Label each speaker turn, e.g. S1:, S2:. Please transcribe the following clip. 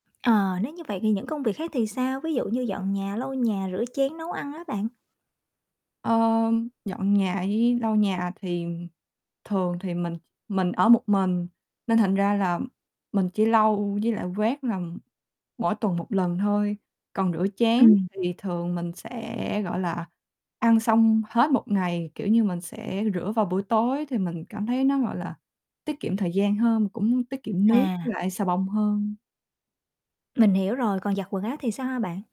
S1: Ờ, nếu như vậy thì những công việc khác thì sao? Ví dụ như dọn nhà, lau nhà, rửa chén, nấu ăn á bạn.
S2: Ờm, dọn nhà với lau nhà thì thường thì mình mình ở một mình, nên thành ra là mình chỉ lau, với lại quét làm mỗi tuần 1 lần thôi. Còn rửa chén
S1: Ừm.
S2: thì thường mình sẽ, gọi là, ăn xong hết 1 ngày, kiểu như, mình sẽ rửa vào buổi tối thì mình cảm thấy nó, gọi là, tiết kiệm thời gian hơn, mà cũng tiết kiệm nước với
S1: À.
S2: lại xà bông hơn.
S1: Mình hiểu rồi. Còn giặt quần áo thì sao hả bạn?